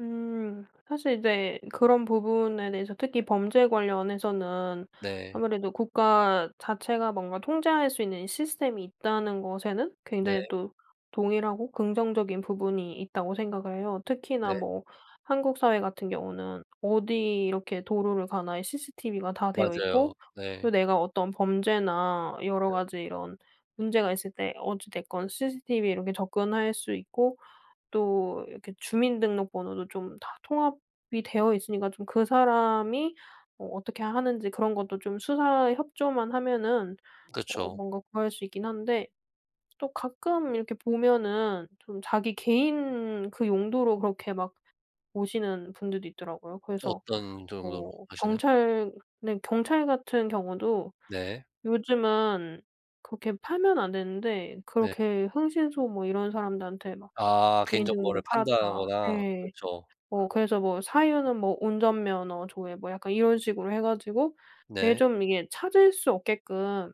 음 사실 이제 그런 부분에 대해서 특히 범죄 관련해서는 네. 아무래도 국가 자체가 뭔가 통제할 수 있는 이 시스템이 있다는 것에는 굉장히 네. 또 동의를 하고 긍정적인 부분이 있다고 생각을 해요. 특히나 네. 뭐 한국 사회 같은 경우는 어디 이렇게 도로를 가나 이 CCTV가 다 되어 있고 맞아요. 또 네. 내가 어떤 범죄나 여러 가지 이런 문제가 있을 때 어찌 됐건 CCTV에 이렇게 접근할 수 있고 또 이렇게 주민등록번호도 좀 다 통합이 되어 있으니까 좀 그 사람이 어 어떻게 하는지 그런 것도 좀 수사에 협조만 하면은 어 그쵸. 뭔가 구할 수 있긴 한데 또 가끔 이렇게 보면은 좀 자기 개인 그 용도로 그렇게 막 보시는 분들도 있더라고요. 그래서 어떤 정도로 뭐 보시나요? 경찰 네 경찰 같은 경우도 네. 요즘은 그렇게 팔면 안 되는데 네. 그렇게 흥신소 뭐 이런 사람들한테 막 아 개인 개인 정보를 정보를 팔았다 판다거나. 예. 그쵸. 뭐 그래서 뭐 사유는 뭐 운전면허 조회 뭐 약간 이런 식으로 해 가지고 되게 네. 좀 이게 찾을 수 없게끔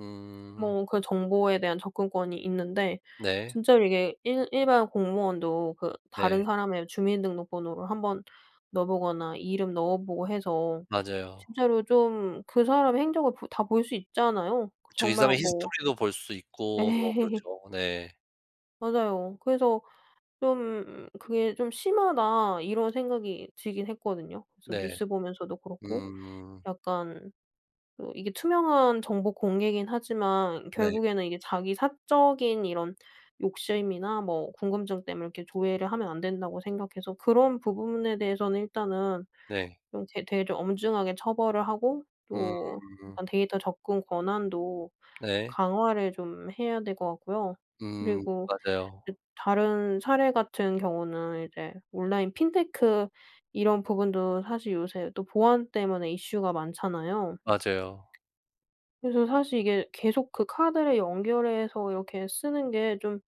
음. 뭐 그 정보에 대한 접근권이 있는데 네. 진짜로 이게 일 일반 공무원도 그 네. 다른 사람의 주민등록번호를 한번 넣어 보거나 이름 넣어 보고 해서 맞아요. 진짜로 좀 그 사람의 행적을 보 다 볼 수 있잖아요. 그 그쵸. 이 정말 사람의 뭐 히스토리도 볼 수 있고 뭐 예. 그렇죠. 네. 맞아요. 그래서 좀 그게 좀 심하다 이런 생각이 들긴 했거든요. 그래서 네. 뉴스 보면서도 그렇고 음. 약간 그 이게 투명한 정보 공개긴 하지만 네. 결국에는 이게 자기 사적인 이런 욕심이나 뭐 궁금증 때문에 이렇게 조회를 하면 안 된다고 생각해서 그런 부분에 대해서는 일단은 네. 좀 되 되게 좀 엄중하게 처벌을 하고 또 음. 약간 데이터 접근 권한도 네. 강화를 좀 해야 될 것 같고요. 음 그리고 이 맞아요. 다른 사례 같은 경우는 이제 온라인 핀테크 이런 부분도 사실 요새 또 보안 때문에 이슈가 많잖아요. 맞아요. 그래서 사실 이게 계속 그 카드를 연결해서 이렇게 쓰는 게 좀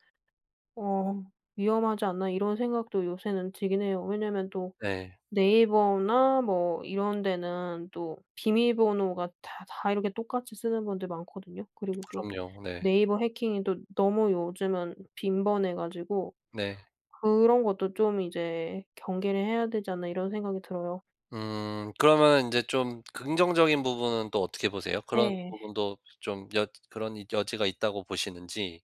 어 위험하지 않나 이런 생각도 요새는 들긴 해요. 왜냐하면 또 예. 네이버나 뭐 이런 데는 또 비밀번호가 다 다 이렇게 똑같이 쓰는 분들 많거든요. 그리고 또 그럼요. 네. 네이버 해킹이 또 너무 요즘은 빈번해 가지고 네. 그런 것도 좀 이제 경계를 해야 되지 않나 이런 생각이 들어요. 음 그러면 인제 좀 긍정적인 부분은 또 어떻게 보세요? 그런 예. 부분도 좀 여 그런 여지가 있다고 보시는지?